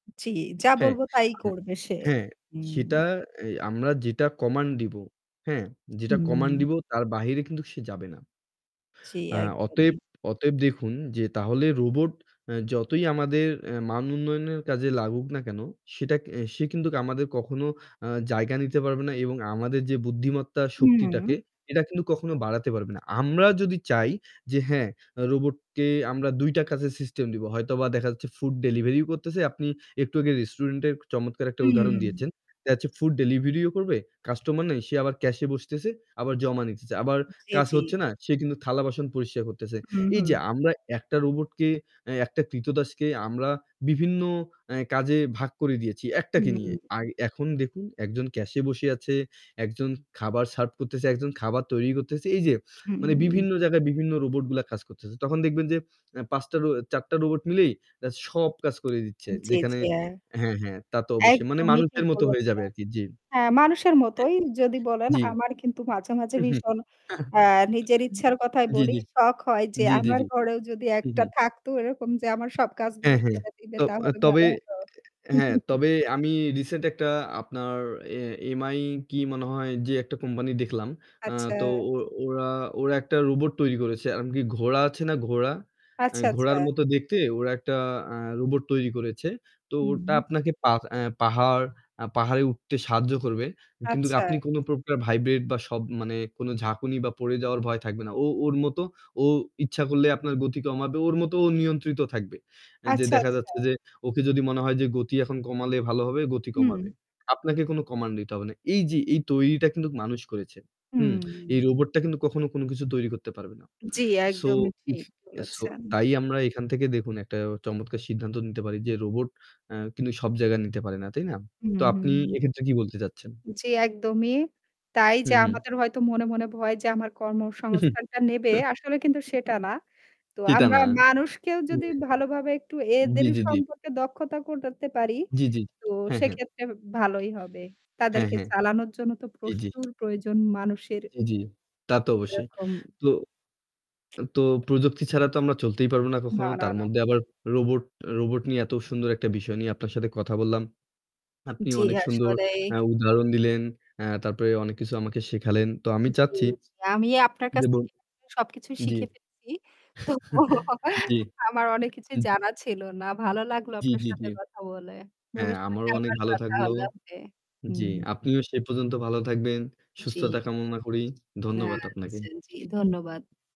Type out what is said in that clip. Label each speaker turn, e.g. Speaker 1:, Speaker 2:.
Speaker 1: জি, যা
Speaker 2: হ্যাঁ।
Speaker 1: বলবো তাই
Speaker 2: হু
Speaker 1: করবে সে।
Speaker 2: হ্যাঁ, সেটা
Speaker 1: হুম।
Speaker 2: এ আমরা যেটা কমান্ড দিব। হ্যাঁ, যেটা কমান্ড
Speaker 1: হুম।
Speaker 2: দিব তার বাহিরে কিন্তু সে যাবে না।
Speaker 1: জি
Speaker 2: আ অতএব,
Speaker 1: একদমই।
Speaker 2: অতএব দেখুন, যে তাহলে রোবট আ যতই আমাদের আ মান উন্নয়নের কাজে লাগুক না কেন, সেটা সে কিন্তু আমাদের কখনো আ জায়গা নিতে পারবে না এবং আমাদের যে বুদ্ধিমত্তা শক্তিটাকে
Speaker 1: হু।
Speaker 2: এটা কিন্তু কখনো বাড়াতে পারবে না। আমরা যদি চাই যে হ্যাঁ, রোবটকে আমরা ২ টা কাজে সিস্টেম দিব। হয়তোবা দেখা যাচ্ছে ফুড ডেলিভারিও করতেছে। আপনি একটু আগে রেস্টুরেন্টের চমৎকার একটা উদাহরণ
Speaker 1: হুম।
Speaker 2: দিয়েছেন। [unintelligible] ফুড ডেলিভারিও করবে। কাস্টমার নেই, সে আবার ক্যাশ এ বসতেছে। আবার জমা নিতেছে। আবার
Speaker 1: জি,
Speaker 2: কাজ
Speaker 1: জি।
Speaker 2: হচ্ছে না, সে কিন্তু থালা বাসন পরিষ্কার করতেছে।
Speaker 1: হু,
Speaker 2: এই যে
Speaker 1: হু।
Speaker 2: আমরা একটা রোবটকে অ্যা একটা কৃতদাসকে আমরা বিভিন্ন আ কাজে ভাগ করে দিয়েছি। একটাকে
Speaker 1: হুম।
Speaker 2: নিয়ে। এখন দেখুন, একজন ক্যাশ এ বসে আছে, একজন খাবার সার্ভ করতেছে, একজন খাবার তৈরি করতেছে। এই যে মানে
Speaker 1: হু।
Speaker 2: বিভিন্ন জায়গায় বিভিন্ন রোবট গুলা কাজ করতেছে। তখন দেখবেন যে আ ৫ টা রো ৪ টা রোবট মিলেই [unintelligible] সব কাজ করে দিচ্ছে।
Speaker 1: জি,
Speaker 2: যেখানে
Speaker 1: জি হ্যাঁ।
Speaker 2: হ্যাঁ, হ্যাঁ তা তো অবশ্যই। মানে
Speaker 1: একদমই ঠিক
Speaker 2: মানুষের মত হয়ে যাবে
Speaker 1: বলেছেন।
Speaker 2: আরকি। জি।
Speaker 1: হ্যাঁ, মানুষের
Speaker 2: হ্যাঁ,
Speaker 1: মতোই যদি বলেন
Speaker 2: জি।
Speaker 1: আমার কিন্তু মাঝে, মাঝে
Speaker 2: হু, হু।
Speaker 1: ভীষণ অ্যা নিজের ইচ্ছার কথায়
Speaker 2: জি,
Speaker 1: বলি
Speaker 2: জি।
Speaker 1: শখ হয় যে
Speaker 2: জি, জি,
Speaker 1: আমার
Speaker 2: জি।
Speaker 1: ঘরেও যদি
Speaker 2: হু, হু।
Speaker 1: একটা থাকতো এরকম যে আমার সব কাজগুলো
Speaker 2: হ্যাঁ, হ্যাঁ।
Speaker 1: করে দিবে
Speaker 2: ত
Speaker 1: তাহলে
Speaker 2: তবে
Speaker 1: ভালো হতো।
Speaker 2: হ্যাঁ, তবে আমি রিসেন্ট একটা আপনার এ Mi কি মনে হয় যে একটা কোম্পানি দেখলাম। আ
Speaker 1: আচ্ছা।
Speaker 2: তো ও-ওরা, ওরা একটা রোবট তৈরি করেছে। [unintelligible] কি ঘোড়া আছে না ঘোড়া? অ্যা
Speaker 1: আচ্ছা,
Speaker 2: ঘোড়ার
Speaker 1: আচ্ছা।
Speaker 2: মতো দেখতে ওরা একটা আ রোবট তৈরি করেছে। তো ওটা
Speaker 1: হুম।
Speaker 2: আপনাকে পা অ্যা পাহাড়। পাহাড়ে উঠতে সাহায্য করবে। কিন্তু
Speaker 1: আচ্ছা।
Speaker 2: আপনি কোন প্রকার ভাইব্রেট বা সব মানে কোন ঝাঁকুনি বা পড়ে যাওয়ার ভয় থাকবে না। ও ওর মত ও ইচ্ছা করলে আপনার গতি কমাবে। ওর মত ও নিয়ন্ত্রিত থাকবে। যে
Speaker 1: আচ্ছা,
Speaker 2: দেখা যাচ্ছে
Speaker 1: আচ্ছা।
Speaker 2: যে ওকে যদি মনে হয় যে গতি এখন কমালে ভালো হবে, গতি কমাবে।
Speaker 1: হুম।
Speaker 2: আপনাকে কোন কমান্ড দিতে হবে না। এই যে এই তৈরিটা কিন্তু মানুষ করেছে। হুম।
Speaker 1: হুম।
Speaker 2: এই রোবটটা কিন্তু কখনো কোন কিছু তৈরি করতে পারবে না।
Speaker 1: জি
Speaker 2: সো
Speaker 1: একদমই ঠিক,
Speaker 2: সো
Speaker 1: বলেছেন।
Speaker 2: তাই আমরা এখান থেকে দেখুন, একটা চমৎকার সিদ্ধান্ত নিতে পারি যে রোবট আ কিন্তু সব জায়গায় নিতে পারে না। তাই না?
Speaker 1: হু,
Speaker 2: তো
Speaker 1: হু।
Speaker 2: আপনি এক্ষেত্রে কি বলতে চাচ্ছেন?
Speaker 1: জি একদমই। তাই
Speaker 2: হু,
Speaker 1: যে
Speaker 2: হু।
Speaker 1: আমাদের হয়তো মনে, মনে ভয় যে আমার কর্মসংস্থানটা নেবে আসলে কিন্তু সেটা না। তো
Speaker 2: চিতা
Speaker 1: আমরা
Speaker 2: না।
Speaker 1: মানুষকেও
Speaker 2: হুম।
Speaker 1: যদি ভালোভাবে একটু
Speaker 2: জি,
Speaker 1: এদের
Speaker 2: জি, জি।
Speaker 1: সম্পর্কে দক্ষতা করতে পারি
Speaker 2: জি, জি।
Speaker 1: তো
Speaker 2: হ্যাঁ, হ্যাঁ।
Speaker 1: সেক্ষেত্রে ভালোই হবে।
Speaker 2: হ্যাঁ,
Speaker 1: তাদেরকে
Speaker 2: হ্যাঁ।
Speaker 1: চালানোর জন্য তো
Speaker 2: জি, জি।
Speaker 1: প্রচুর প্রয়োজন মানুষের।
Speaker 2: জি, জি। তা তো অবশ্যই।
Speaker 1: এরকম।
Speaker 2: তো তো প্রযুক্তি ছাড়া তো আমরা চলতেই পারবো না
Speaker 1: না,
Speaker 2: কখনো।
Speaker 1: না,
Speaker 2: তার
Speaker 1: না।
Speaker 2: মধ্যে আবার রোবট, রোবট নিয়ে এত সুন্দর একটা বিষয় নিয়ে আপনার সাথে কথা বললাম। আপনি
Speaker 1: জি
Speaker 2: অনেক সুন্দর
Speaker 1: আসলেই।
Speaker 2: আ উদাহরণ দিলেন। অ্যা তারপরে অনেক কিছু আমাকে শেখালেন। তো আমি
Speaker 1: জি,
Speaker 2: চাচ্ছি।
Speaker 1: আমি আপনার
Speaker 2: যে
Speaker 1: কাছ
Speaker 2: বল
Speaker 1: থেকে সবকিছু
Speaker 2: জি।
Speaker 1: শিখে ফেলছি। তো
Speaker 2: জি।
Speaker 1: আমার অনেক কিছুই জানা ছিল না। ভালো লাগলো
Speaker 2: জি,
Speaker 1: আপনার
Speaker 2: জি, জি।
Speaker 1: সাথে কথা বলে।
Speaker 2: হ্যাঁ,
Speaker 1: ভবিষ্যতে
Speaker 2: আমারও অনেক
Speaker 1: আমার
Speaker 2: ভালো
Speaker 1: কথা
Speaker 2: থাকলো।
Speaker 1: হলো হবে।
Speaker 2: জি,
Speaker 1: হুম।
Speaker 2: আপনিও সেই পর্যন্ত ভালো থাকবেন।
Speaker 1: জি।
Speaker 2: সুস্থতা কামনা করি। ধন্যবাদ আপনাকে।
Speaker 1: আচ্ছা জি ধন্যবাদ।